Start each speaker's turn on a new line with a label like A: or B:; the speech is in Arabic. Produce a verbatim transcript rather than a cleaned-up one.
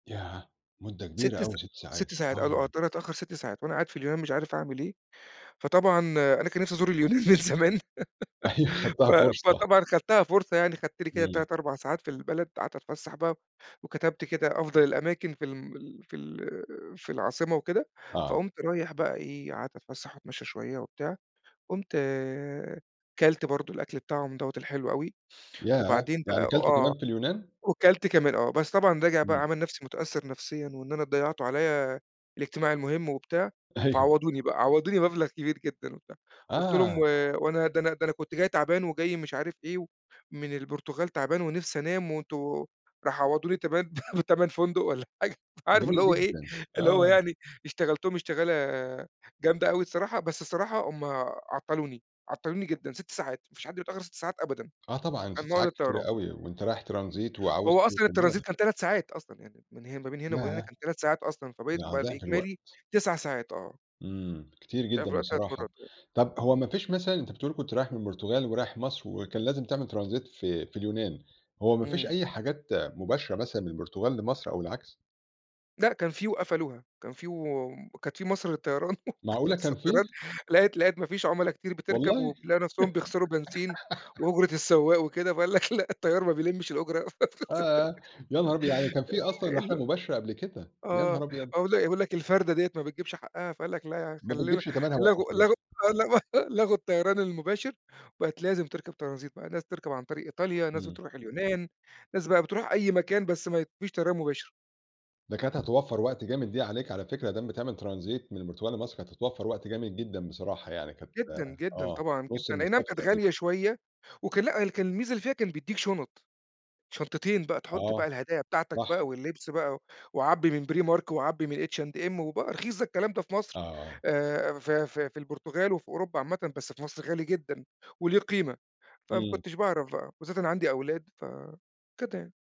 A: ياه! مُدَّة كبيرة
B: ست
A: أوي
B: سا
A: ست
B: ست
A: ساعات،
B: ساعات، قالوا آه،
A: آه.
B: الطيارة هتتأخر ست ساعات، وأنا قاعد في اليونان مش عارف أعمل إيه، فطبعًا أنا كان نفسي أزُور اليونان من زمان
A: أيوه
B: ف
A: خدتها فُرصة.
B: فطبعًا خدتها فُرصة يعني، خدت لي كده
A: إمم.
B: تَلَت أربع ساعات في البلد، قعدت أتفسّح بقى، وكتبت كده أفضل الأماكن في الم ال في ال في العاصمة وكده،
A: آه.
B: فقُمت رايح بقى إيه قعدت أتفسّح وأتمشّى شوية وبتاع، قُمت كلت برضه الأكل بتاعهم دوّة الحلو أوي،
A: ياه!
B: وبعدين
A: يعني
B: بقى
A: كَلت
B: وآه،
A: كمان في اليونان!
B: وكَلت كمان آه، بس طبعًا راجع بقى
A: إمم.
B: عامل نفسي مُتأثّر نفسيًّا، وإن أنا ضيّعتوا عليّا الاجتماع المُهمّ وبتاع،
A: أيوه.
B: فعوَّضُوني بقى عوضوني مبلغ كبير جدًا وبتاع، قُلت لهم و
A: آه.
B: وأنا ده ده أنا كنت جاي تعبان، وجاي مش عارف إيه، من البرتغال تعبان ونفسي أنام، وأنتم راحوا عوّضوني تبان بتَمَن فندق والّا حاجة أنت عارف اللي
A: جميل
B: هو إيه
A: جدًا،
B: اللي هو
A: آه.
B: يعني اشتغلتهم اشتغالة جامدة أوي الصراحة، بس الصراحة هُم عَطّلوني، عَطّلوني جدًا ست ساعات، ما فيش حد بيتأخّر ست ساعات أبدًا
A: آه طبعًا، س
B: عن موعد
A: ساعات كتيرة
B: الطّيران.
A: أوي، وأنت رايح Transit وعاوز
B: هو أصلًا
A: توصل
B: الTransit
A: بلدك.
B: كان تَلَت ساعات أصلًا، يعني من هن ما بين هنا وبين هنا
A: ياه!
B: كان تَلَت ساعات أصلًا، فبقيت
A: يعني
B: بقى
A: ضعف
B: الإجمالي
A: الوقت.
B: تسع ساعات آه.
A: امم، كتير
B: ضعف
A: جدًا
B: الوقت تَلَت
A: بصراحة،
B: مرات آه،
A: طب هو
B: امم.
A: ما فيش مثلًا أنت بتقول كنت رايح من البرتغال ورايح مصر، وكان لازم تعمل Transit في في اليونان، هو ما فيش
B: امم.
A: أي حاجات مُباشرة مثلًا من البرتغال لمصر أو العكس؟
B: لأ، كان في وقفلوها، كان في و كانت في مصر للطيران
A: معقولة كان
B: صد
A: في!
B: رد لقت لقت ما فيش عُملا كتير بتركب،
A: والله.
B: ولقوا نفسهم بيخسروا بنزين، وأُجرة السُوَّاق وكده، فقال لك لأ، الطيار ما بيلمش الأُجرة،
A: آآ، يا نهار أبيض! يعني كان في
B: آآ
A: أصلًا رحلة
B: ال
A: مُباشرة قبل كده، يا نهار
B: آه،
A: أبيض!
B: أقول ل أقول لك الفردة ديّة ما بتجيبش حقها، فقال لك لا،
A: ما
B: خلّينا
A: بتجيبش تمنها
B: لغُوا
A: وقفوا الرِّحلَة.
B: لغُوا آه لغُوا لغُوا الطيران المُباشر، وبقت لازم تركب Transit بقي، ناس بتركب عن طريق إيطاليا، ناس
A: إمم.
B: بتروح اليونان، ناس بقى بتروح أي مكان بس ما فيش طيران مُباشر.
A: ده كانت هتوفر وقت جامد دي عليك على فكرة، ما دام بتعمل Transit من البرتُغال لمصر، كانت هتوفر وقت جامد جدًا بصراحة يعني كانت
B: جدًا، جدًا،
A: آه،
B: طبعًا
A: نصُ
B: جدًا، أي نعم
A: المسافة
B: كانت
A: تقريبًا.
B: غالية شوية، وكان لأ، كان الميزة اللي فيها كان بيديك شُنط، شنطتين بقى تحُطّ
A: آه،
B: بقى الهدايا بتاعتك
A: صح.
B: بقى واللِّبس بقى، وعبي من Primark وعبي من H&M وبقى رخيص ده الكلام ده في مصر،
A: آه.
B: آآ في في في البرتغال وفي أوروبا عامةً، بس في مصر غالي جدًا، وله قيمة، فما
A: إمم.
B: كنتش باعرف بقى، وبالذات أنا عندي أولاد ف كده يعني.